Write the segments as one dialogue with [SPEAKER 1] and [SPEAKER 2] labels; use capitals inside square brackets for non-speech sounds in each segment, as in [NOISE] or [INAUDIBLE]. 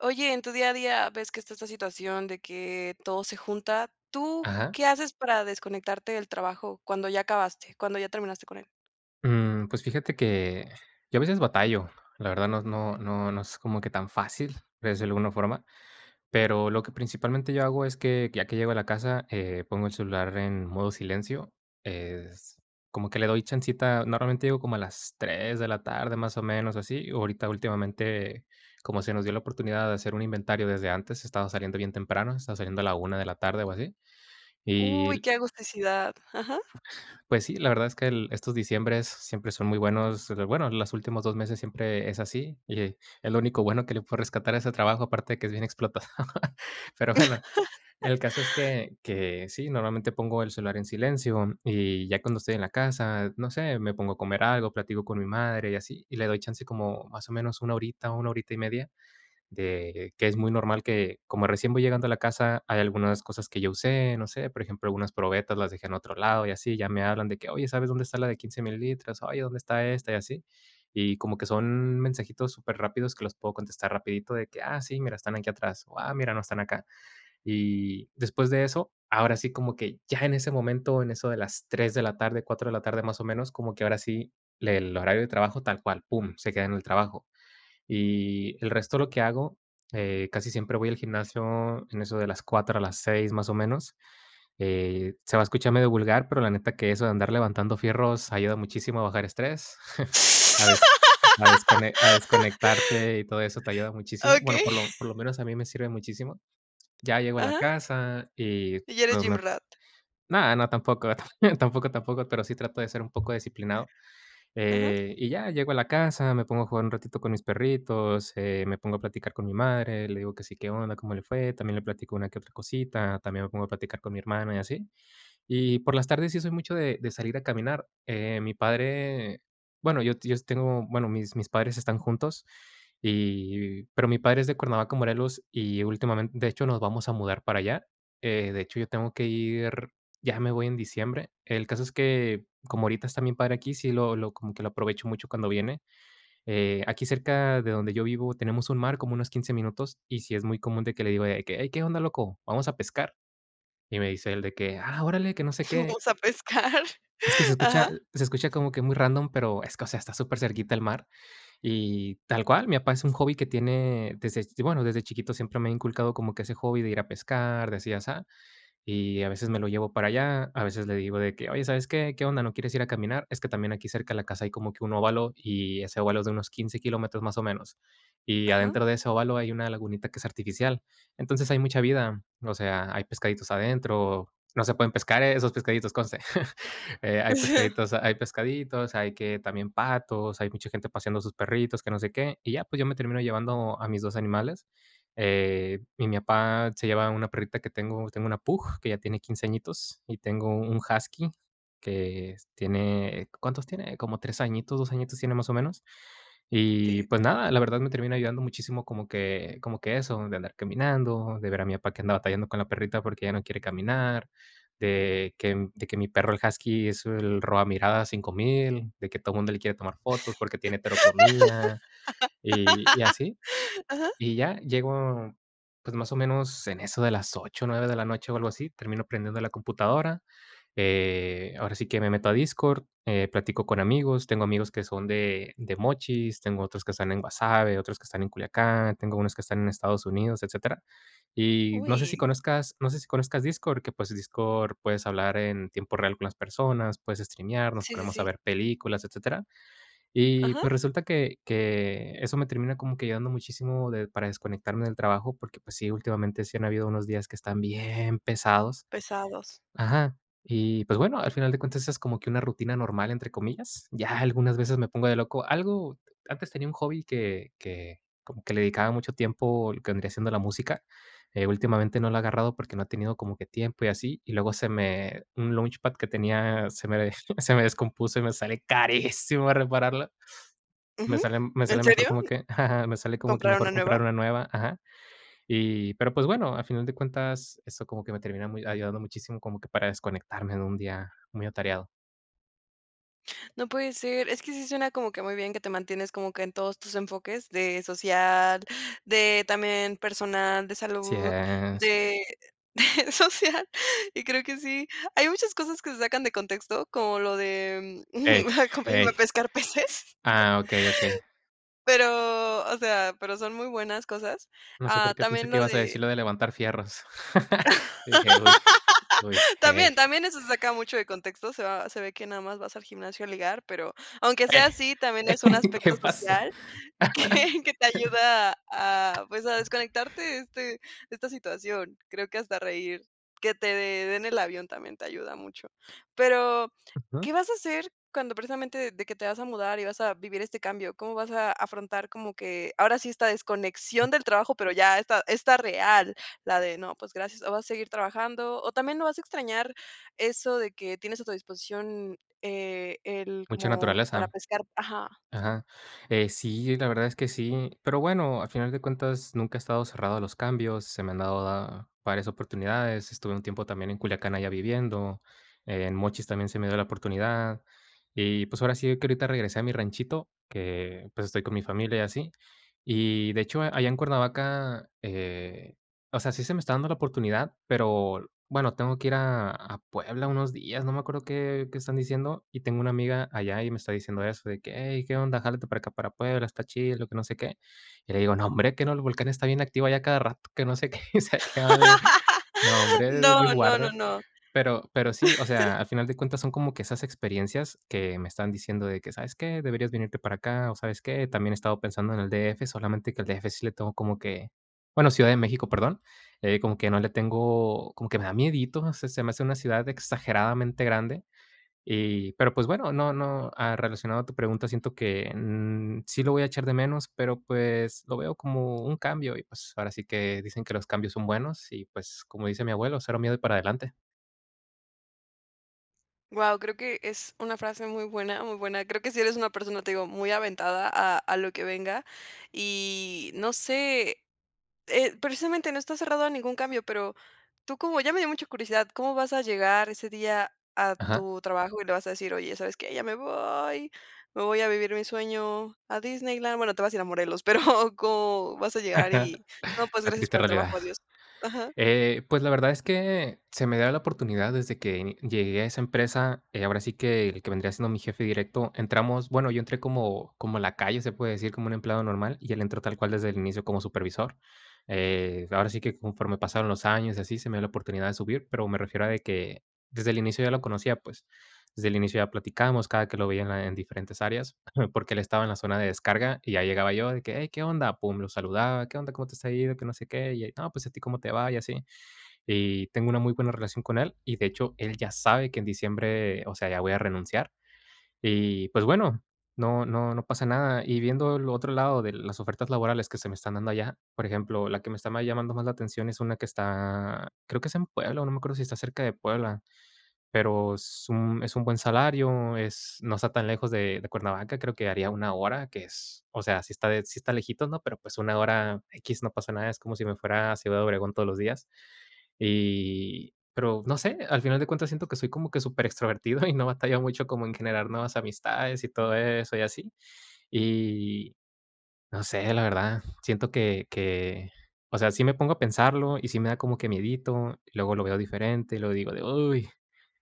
[SPEAKER 1] Oye, en tu día a día, ves que está esta situación de que todo se junta, ¿tú
[SPEAKER 2] Ajá.
[SPEAKER 1] qué haces para desconectarte del trabajo cuando ya acabaste, cuando ya terminaste con él?
[SPEAKER 2] Mm, pues, fíjate que, yo a veces batallo, la verdad no no no es como que tan fácil, desde alguna forma, pero lo que principalmente yo hago es que, ya que llego a la casa, eh, pongo el celular en modo silencio, es como que le doy chancita, normalmente llego como a las 3 de la tarde, más o menos, así, ahorita últimamente, como se nos dio la oportunidad de hacer un inventario desde antes, estaba saliendo bien temprano, estaba saliendo a la 1 de la tarde o así, y
[SPEAKER 1] Uy,
[SPEAKER 2] l
[SPEAKER 1] qué agusticidad, ajá.
[SPEAKER 2] Pues sí, la verdad es que el estos diciembres siempre son muy buenos, pero bueno, los últimos 2 meses siempre es así. Y es lo único bueno que le puedo rescatar a ese trabajo, aparte de que es bien explotado. Pero bueno,
[SPEAKER 1] [LAUGHS]
[SPEAKER 2] el caso es que que sí, normalmente pongo el celular en silencio, y ya cuando estoy en la casa, no sé, me pongo a comer algo, platico con mi madre y así. Y le doy chance como, más o menos, 1 horita, 1 horita y media, de que es muy normal que, como recién voy llegando a la casa, hay algunas cosas que yo usé, no sé, por ejemplo, algunas probetas las dejé en otro lado y así, ya me hablan de que: "Oye, ¿sabes dónde está la de 15 mililitros?, oye, ¿dónde está esta?", y así, y como que son mensajitos superrápidos que los puedo contestar rapidito de que: "Ah, sí, mira, están aquí atrás, o, ah, mira no, están acá". Y, después de eso, ahora sí, como que ya en ese momento, en eso de las 3 de la tarde, 4 de la tarde, más o menos, como que, ahora sí, le el horario de trabajo tal cual, "Pum", se queda en el trabajo, y, el resto lo que hago, eh, casi siempre voy al gimnasio en eso de las 4, a las 6 más o menos, eh, se va a escuchar medio vulgar, pero la neta que eso de andar levantando fierros ayuda muchísimo a bajar estrés, [CHUCKLES] a des a descone a
[SPEAKER 1] [LAUGHS]
[SPEAKER 2] desconectarte, y todo eso te ayuda muchísimo, bueno,
[SPEAKER 1] Okey.
[SPEAKER 2] por lo por lo menos a mí me sirve muchísimo. Ya llego a la
[SPEAKER 1] Ajá.
[SPEAKER 2] casa y
[SPEAKER 1] Y ya eres
[SPEAKER 2] no
[SPEAKER 1] gym
[SPEAKER 2] me
[SPEAKER 1] rat.
[SPEAKER 2] no no, tampoco, tampoco, tampoco, pero sí trato de ser un poco disciplinado.
[SPEAKER 1] Ajá.
[SPEAKER 2] Eh, y ya, llego a la casa, me pongo a jugar un ratito con mis perritos, eh, me pongo a platicar con mi madre, le digo que "Sí, qué onda, cómo le fue", también le platico una que otra cosita, también me pongo a platicar con mi hermana y así, y por las tardes sí soy mucho de de salir a caminar, eh, mi padre, bueno, yo si yo si tengo, bueno, mis mis padres están juntos. Y y pero mi padre es de Cuernavaca, Morelos, y últimamente, de hecho, nos vamos a mudar para allá. Eh, de hecho, yo tengo que ir ya me voy en diciembre, el caso es que, como ahorita está mi padre aquí, sí lo lo como que lo aprovecho mucho cuando viene, eh, aquí cerca de donde yo vivo tenemos un mar como unos 15 minutos y sí es muy común de que le digo de que: "Hey, ¿qué onda loco, vamos a pescar?", y me dice él de que: "Ah, órale, que no sé qué"
[SPEAKER 1] Fuimos a pescar,
[SPEAKER 2] es que se escucha
[SPEAKER 1] ajá.
[SPEAKER 2] se escucha como que muy random, pero es que, o sea, está supercerquita el mar y tal cual. Mi papá es un hobby que tiene desde bueno, desde chiquito siempre me ha inculcado como que ese hobby de ir a pescar, de así, asá. Y a veces, me lo llevo para allá, a veces, le digo de que: "Oye, ¿sabes qué?, ¿qué onda, no quieres ir a caminar?", es que también aquí cerca de la casa hay como que un óvalo, y ese óvalo es de unos 15 kilómetros, más o menos, y
[SPEAKER 1] Ajá.
[SPEAKER 2] adentro de ese óvalo, hay una lagunita que es artificial, entonces hay mucha vida, o sea, hay pescaditos adentro, no se pueden pescar esos, pescaditos conste, [CHUCKLES] hay
[SPEAKER 1] [CHUCKLES]
[SPEAKER 2] pescaditos hay pescaditos. Hay que también patos, hay mucha gente paseando a sus perritos, que no sé qué, y ya, pues, yo me termino llevando a mis 2 animales. Eh, y mi papá se lleva una perrita que tengo, tengo una pug, que ya tiene 15 añitos, y tengo un husky que tiene, ¿cuántos tiene?, como 3 añitos, 2 añitos tiene, más o menos. Y,
[SPEAKER 1] Si.
[SPEAKER 2] pues, nada, la verdad me termina ayudando muchísimo como que como que eso, de andar caminando, de ver a mi papá que anda batallando con la perrita, porque ya no quiere caminar, de que de que mi perro, el husky es el roba miradas 5000, de que todo mundo le quiere tomar fotos, porque tiene heterocromía y, y
[SPEAKER 1] [LAUGHS]
[SPEAKER 2] así.
[SPEAKER 1] Ajá.
[SPEAKER 2] Y ya, llego, pues, más o menos, en eso de las 8, 9 de la noche o algo así, termino prendiendo la computadora, eh, ahora sí, que me meto a Discord, eh, platico con amigos, tengo amigos que son de de Mochis, tengo otros que están en Guasave, otros que están en Culiacán, tengo unos que están en Estados Unidos, etcétera. Y, no sé, si
[SPEAKER 1] Uy.
[SPEAKER 2] conozcas no se si conozcas Discord, que, pues, Discord, puedes hablar en tiempo real con las personas, puedes streamear, nos
[SPEAKER 1] Sí, sí,
[SPEAKER 2] ponemos a
[SPEAKER 1] sí.
[SPEAKER 2] ver películas, etcétera, y
[SPEAKER 1] Ajá.
[SPEAKER 2] pues, resulta que que eso me termina como que ayudando muchísimo de para desconectarme del trabajo. Porque, pues sí, últimamente sí han habido unos días que están bien pesados
[SPEAKER 1] Pesados.
[SPEAKER 2] ajá. Y pues, bueno, al final de cuentas esa es como que una rutina normal, entre comillas, ya algunas veces me pongo de loco. Algo antes tenía un hobby que que como que le dedicaba mucho tiempo, lo que vendría siendo la música, eh, últimamente no lo ha agarrado porque no he tenido como que tiempo y así, y luego se me un launchpad que tenía se me desto se me descompuso y me sale carísimo repararla, me
[SPEAKER 1] Ujú,
[SPEAKER 2] sale me
[SPEAKER 1] ¿en
[SPEAKER 2] sale mejor,
[SPEAKER 1] serio?,
[SPEAKER 2] como que, [CHUCKLES] me sale como que
[SPEAKER 1] ¿comprar una
[SPEAKER 2] mejor
[SPEAKER 1] nueva?
[SPEAKER 2] comprar una nueva ajá. Y pero, pues, bueno, a final de cuentas, eso como que me termina mu ayudando muchísimo como que para desconectarme de un día muy atareado.
[SPEAKER 1] No puede ser. Es que sí suena, como que muy bien, que te mantienes como que en todos tus enfoques, de social, de también personal, de
[SPEAKER 2] Sí
[SPEAKER 1] salud,
[SPEAKER 2] es.
[SPEAKER 1] de de social, y creo que sí. Hay muchas cosas que sacan de contexto, como lo de, mm,
[SPEAKER 2] Ey,
[SPEAKER 1] mm, acompáñenme a
[SPEAKER 2] ey.
[SPEAKER 1] pescar peces.
[SPEAKER 2] Ah, okey, okey.
[SPEAKER 1] Pero, o sea, pero, son muy buenas cosas.
[SPEAKER 2] No sé, por
[SPEAKER 1] Ah,
[SPEAKER 2] qué, pensé
[SPEAKER 1] también
[SPEAKER 2] que
[SPEAKER 1] lo
[SPEAKER 2] ibas a
[SPEAKER 1] de
[SPEAKER 2] decir lo de levantar fierros. [LAUGHS] Y dije: "Uy, uy,
[SPEAKER 1] [LAUGHS]
[SPEAKER 2] ey".
[SPEAKER 1] También, también, eso se saca mucho de contexto, se va se ve que nada más vas al gimnasio a ligar, pero, aunque sea
[SPEAKER 2] Ey,
[SPEAKER 1] así, también
[SPEAKER 2] ey,
[SPEAKER 1] es un
[SPEAKER 2] ¿qué
[SPEAKER 1] aspecto
[SPEAKER 2] pasó?
[SPEAKER 1] social, que que te ayuda a, pues, a
[SPEAKER 2] [LAUGHS]
[SPEAKER 1] desconectarte, de, este de esta situación. Creo que hasta reír, que te de den el avión, también te ayuda mucho, pero,
[SPEAKER 2] Ujú.
[SPEAKER 1] ¿qué vas a hacer, cuando, precisamente, de que te vas a mudar y vas a vivir este cambio? ¿Cómo vas a afrontar, como que ahora sí, esta desconexión del trabajo? Pero ya esta esta real, la de: "No, pues, gracias". ¿O vas a seguir trabajando? O también, ¿no vas a extrañar eso de que tienes a tu disposición, eh, el
[SPEAKER 2] ¿Mucha
[SPEAKER 1] como para
[SPEAKER 2] naturaleza?
[SPEAKER 1] pescar? Ajá.
[SPEAKER 2] Ajá, eh, sí, la verdad es que sí, pero, bueno, al final de cuentas, nunca he estado cerrado a los cambios, se me han dado da varias oportunidades. Estuve un tiempo, también, en Culiacán allá viviendo, en Mochis también se me dio la oportunidad, y pues, ahora sí que ahorita regresé a mi ranchito, que, pues, estoy con mi familia y así. Y de hecho, allá en Cuernavaca, eh, o sea, sí se me está dando la oportunidad, pero, bueno, tengo que ir a a Puebla unos días, no me acuerdo qué qué están diciendo, y tengo una amiga allá, y me está diciendo eso de que: "Ey, qué onda, jálate para acá, para Puebla, está chido, y lo que no sé qué". Y le digo: "Nombre, ¿qué no el volcán está bien activo, allá a cada rato, que no sé qué, y se acaba de
[SPEAKER 1] [LAUGHS] No,
[SPEAKER 2] nombre, Dios
[SPEAKER 1] no, no,
[SPEAKER 2] guarde".
[SPEAKER 1] no.
[SPEAKER 2] Pero pero sí, o sea,
[SPEAKER 1] [CHUCKLES]
[SPEAKER 2] al final de cuentas son como que esas experiencias, que me están diciendo de que: "¿Sabes qué? Deberías venirte para acá". O, ¿sabes qué?, también he estado pensando en el D.F. Solamente que al D.F. sí le tengo como que, bueno, Ciudad de México, perdón, eh, como que no le tengo, como que me da miedito. Se se me hace una ciudad exageradamente grande, y pero, pues bueno, no no. Ah, relacionado a tu pregunta, siento que, mm, sí lo voy a echar de menos, pero pues, lo veo como un cambio, y pues, ahora sí que dicen que los cambios son buenos, y pues, como dice mi abuelo: "Cero miedo, y para adelante".
[SPEAKER 1] Guau, creo que es una frase muy buena muy buena. Creo que sí eres una persona, te digo, muy aventada a a lo que venga y no sé, eh, precisamente no estás cerrado a ningún cambio, pero tú como ya me dio mucha curiosidad, ¿cómo vas a llegar ese día a
[SPEAKER 2] Ajá.
[SPEAKER 1] tu trabajo?, y le vas a decir: "Oye, ¿sabes qué?, ya me voy, me voy a vivir mi sueño a Disneyland", bueno, te vas a ir a Morelos, pero, ¿cómo vas a llegar
[SPEAKER 2] Ajá,
[SPEAKER 1] y: "No, pues,
[SPEAKER 2] la
[SPEAKER 1] gracias
[SPEAKER 2] triste
[SPEAKER 1] por el trabajo,
[SPEAKER 2] realidad.
[SPEAKER 1] adiós"? Ajá.
[SPEAKER 2] Eh, pues, la verdad es que, se me da la oportunidad desde que llegué a esa empresa, eh, ahora sí que, el que vendría siendo mi jefe directo entramos, bueno, yo entré como como lacayo, se puede decir, como un empleado normal, y él entró, tal cual, desde el inicio, como supervisor, eh, ahora sí que conforme pasaron los años y así, se me dio la oportunidad de subir, pero me refiero a de que, desde el inicio yo lo conocía, pues, desde el inicio ya platicamos, cada que lo veía en la en diferentes áreas, [CHUCKLES] porque él estaba en la zona de descarga y ya llegaba yo de que: "Hey, ¿qué onda?", pum, lo saludaba, "¿Qué onda? ¿Cómo te está yendo? Que no sé qué", y él: "No, pues, ¿a ti cómo te va?", y así. Y tengo una muy buena relación con él y, de hecho, él ya sabe que en diciembre, o sea, ya voy a renunciar. Y, pues, bueno, no no no pasa nada, y viendo el otro lado de las ofertas laborales que se me están dando allá, por ejemplo, la que me está más llamando más la atención es una que está, creo que es en Puebla, o no me acuerdo si está cerca de Puebla, pero es un es un buen salario, es no está tan lejos de de Cuernavaca, creo que haría una hora que es, o sea, sí está, eh, sí está lejitos, ¿no? Pero pues, una hora, equis, no pasa nada, es como si me fuera a Ciudad de Obregón todos los días, y pero no sé, al final de cuentas siento que soy como que superextrovertido y no batallo mucho como en generar nuevas amistades y todo eso, y así. Y, no sé, la verdad, siento que que, o sea, sí me pongo a pensarlo y sí me da como que miedito, luego lo veo diferente y luego digo de: "Uy,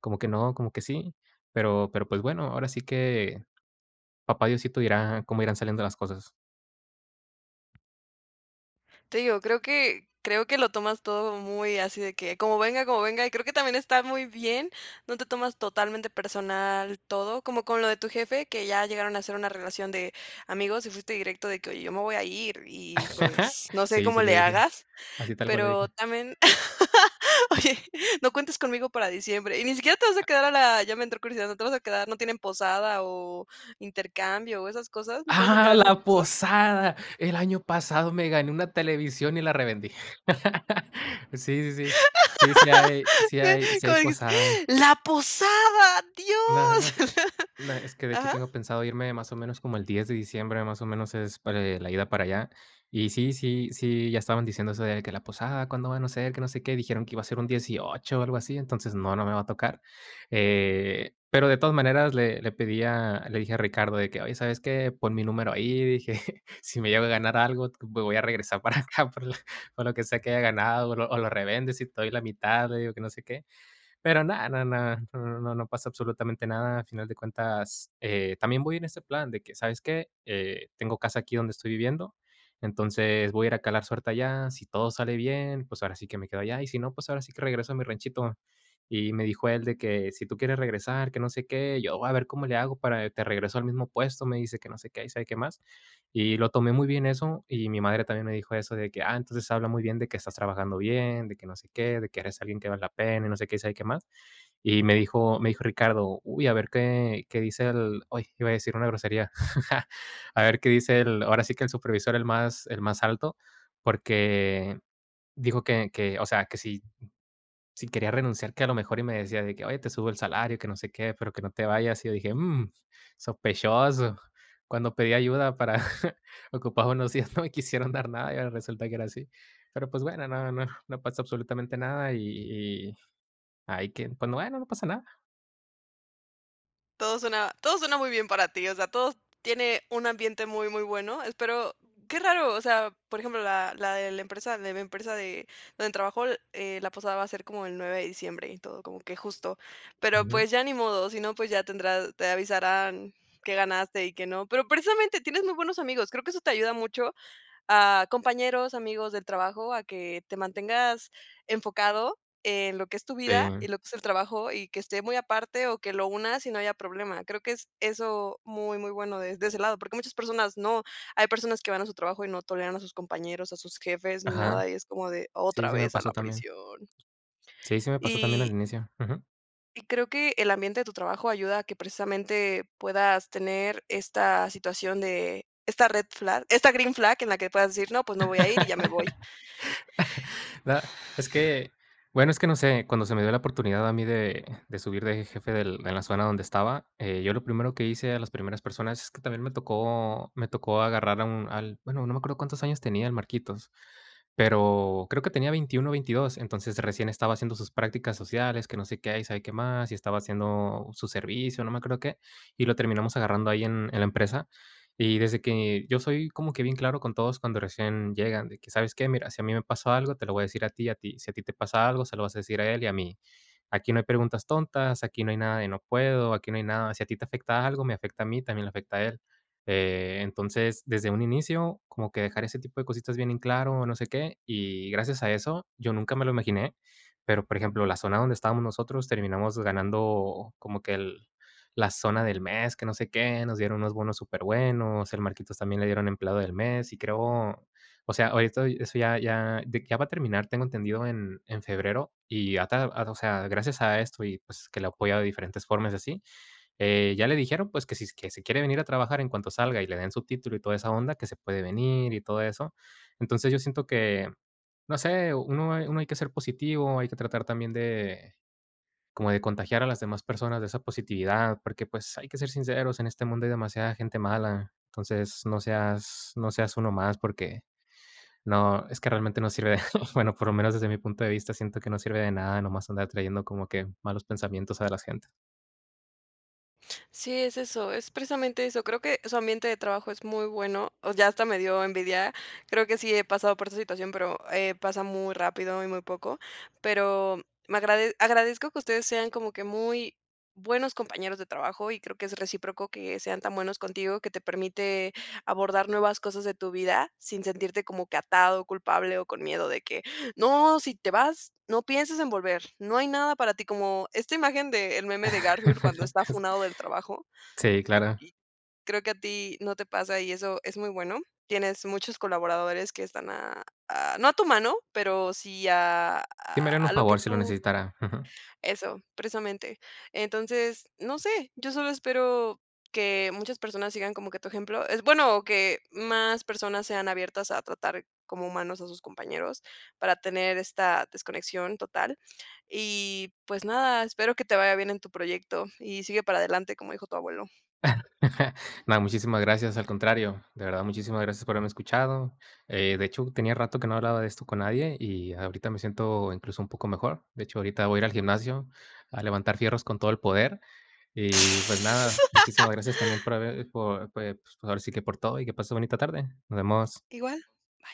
[SPEAKER 2] como que no, como que sí". Pero pero pues, bueno, ahora sí que, papá Diosito dirá cómo irán saliendo las cosas.
[SPEAKER 1] Te digo, creo que creo que, lo tomas todo muy así, de que como venga como venga. Y creo que también, está muy bien. No te tomas, totalmente personal todo, como con lo de tu jefe, que ya llegaron a hacer una relación de amigos, y fuiste directo de que: "Oye, yo me voy a ir y,
[SPEAKER 2] [CHUCKLES]
[SPEAKER 1] pues, no sé
[SPEAKER 2] Sí,
[SPEAKER 1] cómo
[SPEAKER 2] sí le
[SPEAKER 1] le
[SPEAKER 2] dije.
[SPEAKER 1] hagas".
[SPEAKER 2] Así tal cual le
[SPEAKER 1] Pero,
[SPEAKER 2] dije.
[SPEAKER 1] también, [LAUGHS] "Oye, no cuentes conmigo para diciembre". Y ni siquiera, te vas a quedar a la ya me entró curiosidad, no te vas a quedar, no tienen posada, o intercambio o esas cosas, ¿no te vas a
[SPEAKER 2] Ah,
[SPEAKER 1] quedar, a esas
[SPEAKER 2] la
[SPEAKER 1] cosas?
[SPEAKER 2] posada. El año pasado me gané una televisión, y la revendí. [LAUGHS] Sí, sí, sí. Sí, sí hay sí hay
[SPEAKER 1] Sí,
[SPEAKER 2] sí
[SPEAKER 1] ¿cómo
[SPEAKER 2] hay
[SPEAKER 1] dijiste?
[SPEAKER 2] posada.
[SPEAKER 1] ¡La posada,
[SPEAKER 2] No, no sé,
[SPEAKER 1] Dios!
[SPEAKER 2] no, es que de hecho,
[SPEAKER 1] ¿Ajá?
[SPEAKER 2] tengo pensado irme más o menos, como el 10 de diciembre, más o menos, es para, eh, la ida para allá. Y sí, sí, sí, ya estaban diciéndo eso, de que la posada, cuando van a ser, que no sé qué, dijeron que iba a ser un 18 o algo así. Entonces no, no me va a tocar, eh, pero, de todas maneras, le le pedí a le dije a Ricardo, de que: "Oye, ¿sabes qué?, pon mi número ahí", dije, [CHUCKLES] "Si me llego a ganar algo, me voy a regresar para acá, por lo por lo que sea, que haya ganado, o lo o lo revendes y te doy la mitad", le digo que no sé qué. Pero, no no no no no no pasa absolutamente nada. A final de cuentas, eh, también voy en ese plan de que: "¿Sabes qué?, eh, tengo casa aquí donde estoy viviendo. Entonces, voy a ir a calar suerte allá. Si todo sale bien, pues, ahora sí que me quedo allá. Y si no, pues, ahora sí que regreso a mi ranchito". Y me dijo él de que: "Si tú quieres regresar, que no sé qué, y yo voy a ver cómo le hago para te regreso al mismo puesto", me dice, que no sé qué y sabe qué más. Y lo tomé muy bien eso. Y mi madre, también me dijo eso de que: "Ah, entonces habla muy bien de que estás trabajando bien, de que no sé qué, de que eres alguien que vale la pena", y no sé qué, y sabe qué más. Y me dijo me dijo Ricardo: "Uy, a ver qué qué dice el" ¡oy!, iba a decir una grosería. [CHUCKLES] "A ver qué dice el ahora sí que el supervisor, el más el más alto". Porque, dijo: "Que que o sea, que si si quería renunciar", que a lo mejor, y me decía, de que: "Oye, te subo el salario y que no sé qué, pero que no te vayas". Y yo dije: "Mm, sospechoso". Cuando pedí ayuda, para ocupar unos días, no quisieron dar nada, y ahora resulta que ahora así. Pero, pues bueno, no no [CHUCKLES] no pasó absolutamente nada, y y y, ahí que, pues, bueno, no pasa nada.
[SPEAKER 1] Todo suena todo suena, muy bien para ti, o sea, todo tiene un ambiente muy, muy bueno, espero. Qué raro, o sea, por ejemplo, la la de la empresa la de mi empresa de donde trabajo, eh, la pasada va a ser como el 9 de diciembre, y todo, como que justo. Pero,
[SPEAKER 2] Ujú.
[SPEAKER 1] pues, ya ni modo, si no, pues, ya tendrás, te avisarán qué ganaste y qué no. Pero, precisamente, tienes muy buenos amigos, creo que eso te ayuda mucho, a compañeros, amigos del trabajo, a que te mantengas enfocado, en lo que es tu vida, y
[SPEAKER 2] Sí.
[SPEAKER 1] lo que es el trabajo, y que esté muy aparte o que lo unas, y no haya problema. Creo que es eso, muy, muy bueno de de ese lado, porque, muchas personas no. Hay personas que van a su trabajo, y no toleran a sus compañeros, a sus jefes ni
[SPEAKER 2] Ajá.
[SPEAKER 1] nada, y es como de
[SPEAKER 2] Sí, sí,
[SPEAKER 1] otra
[SPEAKER 2] se me
[SPEAKER 1] vez a la
[SPEAKER 2] pasó también.
[SPEAKER 1] prisión.
[SPEAKER 2] Sí, se me pasó también al
[SPEAKER 1] Y
[SPEAKER 2] inicio. Ujú.
[SPEAKER 1] y creo, que el ambiente de tu trabajo, ayuda a que precisamente, puedas tener esta situación, de esta red flag, esta green flag, en la que puedas decir, no, pues, no voy a ir, y ya me voy.
[SPEAKER 2] [LAUGHS] Da es que, bueno, es que no sé, cuando se me dio la oportunidad a mí, de de subir de jefe del en la zona donde estaba, eh, yo lo primero que hice, a las primeras personas, es que también me tocó me tocó agarrar a un al bueno, no me acuerdo cuántos años tenía, el Marquitos, pero, creo que tenía 21 o 22. Entonces recién, estaba haciendo sus prácticas sociales, que no sé qué, y sabe qué más, y estaba haciendo su servicio, no me acuerdo qué. Y lo terminamos agarrando ahí, en en la empresa. Y desde que, yo soy como que bien claro, con todos cuando recién llegan, de que, ¿sabes qué?, mira, si a mí me pasó algo, te lo voy a decir, a ti, a ti, si a ti te pasa algo, se lo vas a decir a él, y a mí, aquí no hay preguntas tontas, aquí no hay nada, de no puedo, aquí no hay nada, si a ti te afecta algo, me afecta a mí, también le afecta a él. Eh, entonces, desde un inicio, como que, dejar ese tipo de cositas bien en claro, no sé qué. Y, gracias a eso, yo nunca me lo imaginé. Pero, por ejemplo, la zona donde estábamos nosotros, terminamos ganando como que el la zona del mes, que no sé qué. Nos dieron unos bonos superbuenos. El Marquitos, también le dieron empleado del mes, y creo, o sea, ahorita eso, ya ya, de que ya va a terminar, tengo entendido, en en febrero, y ya ta ah, o sea, gracias a esto, y pues, que lo ha apoyado de diferentes formas, y así, eh, ya le dijeron, pues, que si s que si quiere venir a trabajar en cuanto salga, y le den su título, y toda esa onda, que se puede venir, y todo eso. Entonces, yo siento que, no sé, uno hay uno hay que ser positivo, hay que tratar también de, como de contagiar a las demás personas de esa positividad. Porque, pues hay que ser sinceros, en este mundo hay demasiada gente mala. Entonces, no seas no seas uno más porque, no, es que realmente no sirve de [CHUCKLES] bueno, por lo menos desde mi punto de vista, siento que no sirve de nada, nomás andar trayendo, como que, malos pensamientos a las gente.
[SPEAKER 1] Sí, es eso. Es precisamente eso. Creo que, su ambiente de trabajo es muy bueno, o ya, hasta medio envidia. Creo que sí he pasado por esta situación, pero, eh, pasa muy rápido, y muy poco, pero, me agrade agradezco que ustedes, sean como que muy buenos compañeros de trabajo, y creo que es recíproco, que sean tan buenos contigo, que te permite abordar, nuevas cosas de tu vida, sin sentirte como que atado, culpable, o con miedo de que: "No, si te vas, no piensas en volver, no hay nada para ti", como esta imagen, del meme de Garfield, cuando
[SPEAKER 2] [LAUGHS]
[SPEAKER 1] está
[SPEAKER 2] Es.
[SPEAKER 1] funado del trabajo.
[SPEAKER 2] Sí, claro.
[SPEAKER 1] Aquí creo que a ti no te pasa, y eso es muy bueno. Tienes muchos colaboradores, que están a a no a tu mano, pero, sí a
[SPEAKER 2] Sí me harían
[SPEAKER 1] a
[SPEAKER 2] un
[SPEAKER 1] lo que
[SPEAKER 2] favor si lo
[SPEAKER 1] tú
[SPEAKER 2] necesitara. Ujú.
[SPEAKER 1] eso, precisamente. Entonces, no sé, yo solo espero que muchas personas, sigan como que tu ejemplo. Es bueno que más personas sean abiertas, a tratar como humanos a sus compañeros, para tener esta desconexión total, y pues nada, espero que te vaya bien en tu proyecto, y sigue para adelante, como dijo tu abuelo.
[SPEAKER 2] [CHUCKLES] No, muchísimas gracias, al contrario. De verdad, muchísimas gracias, por haberme escuchado. Eh, de hecho, tenía rato que no hablaba de esto con nadie, y ahorita me siento, incluso un poco mejor. De hecho, ahorita voy a ir al gimnasio, a levantar fierros con todo el poder. Y pues nada, muchísimas
[SPEAKER 1] [LAUGHS]
[SPEAKER 2] gracias, también por haber por pues, ahora sí que, por todo, y que pases bonita tarde. Nos vemos.
[SPEAKER 1] Igual. Bye.